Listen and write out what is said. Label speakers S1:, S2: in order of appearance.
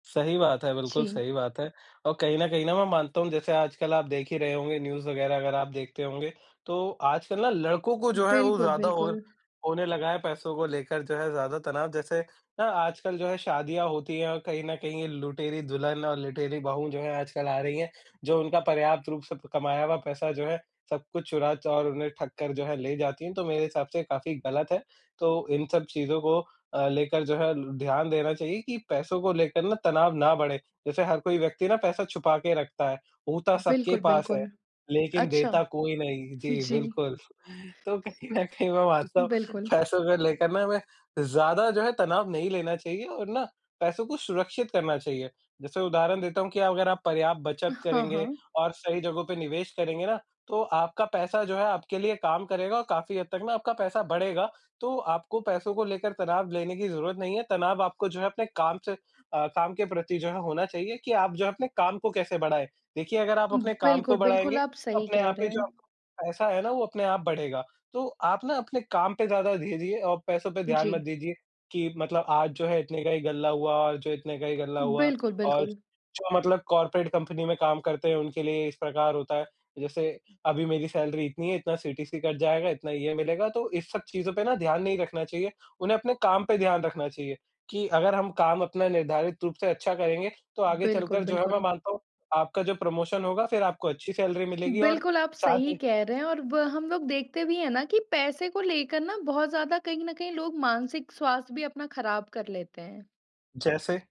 S1: सही बात है, बिल्कुल
S2: जी।
S1: सही बात है। और कहीं ना कहीं ना, मैं मानता हूँ, जैसे आजकल आप देख ही रहे होंगे, न्यूज़ वगैरह अगर आप देखते होंगे। तो आजकल ना, लड़कों को जो है वो
S2: बिल्कुल,
S1: ज़्यादा और
S2: बिल्कुल।
S1: होने लगा है, पैसों को लेकर जो है ज़्यादा तनाव। जैसे ना, आजकल जो है शादियाँ होती हैं और कहीं ना कहीं, ये लुटेरी दुल्हन और लुटेरी बहू जो हैं आजकल आ रही हैं। जो उनका पर्याप्त रूप से प कमाया हुआ पैसा जो है, सब कुछ चुरा चा और उन्हें ठग कर जो है ले जाती हैं। तो मेरे हिसाब से काफ़ी गलत है। तो इन सब चीज़ों को अ, लेकर जो है ध्यान देना चाहिए कि पैसों को लेकर ना तनाव ना बढ़े। जैसे हर कोई व्यक्ति ना पैसा छुपा के रखता है, होता सबके
S2: बिल्कुल,
S1: पास है
S2: बिल्कुल।
S1: लेकिन
S2: अच्छा।
S1: देता कोई नहीं, जी
S2: जी।
S1: बिल्कुल। तो कहीं ना कहीं मैं मानता हूँ,
S2: बिल्कुल।
S1: पैसों को लेकर ना हमें ज़्यादा जो है तनाव नहीं लेना चाहिए और ना, पैसों को सुरक्षित करना चाहिए। जैसे उदाहरण देता हूँ कि अगर आप पर्याप्त बचत
S2: हाँ,
S1: करेंगे
S2: हाँ।
S1: और सही जगहों पे निवेश करेंगे ना, तो आपका पैसा जो है आपके लिए काम करेगा और काफ़ी हद तक ना आपका पैसा बढ़ेगा। तो आपको पैसों को लेकर तनाव लेने की ज़रूरत नहीं है। तनाव आपको जो है अपने काम से अ, काम के प्रति जो है होना चाहिए कि आप जो है, अपने काम को कैसे बढ़ाएँ। देखिए, अगर आप
S2: हुँ,
S1: अपने काम
S2: बिल्कुल,
S1: को
S2: बिल्कुल,
S1: बढ़ाएँगे,
S2: आप
S1: तो
S2: सही
S1: अपने
S2: कह
S1: आप
S2: रहे
S1: ही जो
S2: हैं।
S1: पैसा है ना, वो अपने आप बढ़ेगा। तो आप ना अपने काम पे ज़्यादा दीजिए और पैसों पे ध्यान मत
S2: जी।
S1: दीजिए कि मतलब, "आज जो है, इतने का ही गल्ला हुआ और जो इतने का ही गल्ला हुआ।"
S2: बिल्कुल,
S1: और
S2: बिल्कुल।
S1: जो मतलब कॉर्पोरेट कंपनी में काम करते हैं, उनके लिए इस प्रकार होता है। जैसे अभी मेरी सैलरी इतनी है, इतना सीटीसी कट जाएगा, इतना ये मिलेगा, तो इन सब चीज़ों पे ना ध्यान नहीं रखना चाहिए। उन्हें अपने काम पे ध्यान रखना चाहिए कि अगर हम काम अपना निर्धारित रूप से अच्छा करेंगे, तो आगे
S2: बिल्कुल,
S1: चलकर जो है मैं
S2: बिल्कुल।
S1: मानता हूँ, आपका जो प्रमोशन होगा, फिर आपको अच्छी सैलरी मिलेगी और
S2: बिल्कुल, आप
S1: साथ
S2: सही
S1: ही
S2: कह रहे हैं और व हम लोग देखते भी हैं ना कि पैसे को लेकर ना बहुत ज़्यादा कहीं ना कहीं लोग मानसिक स्वास्थ्य भी अपना खराब कर लेते हैं।
S1: जैसे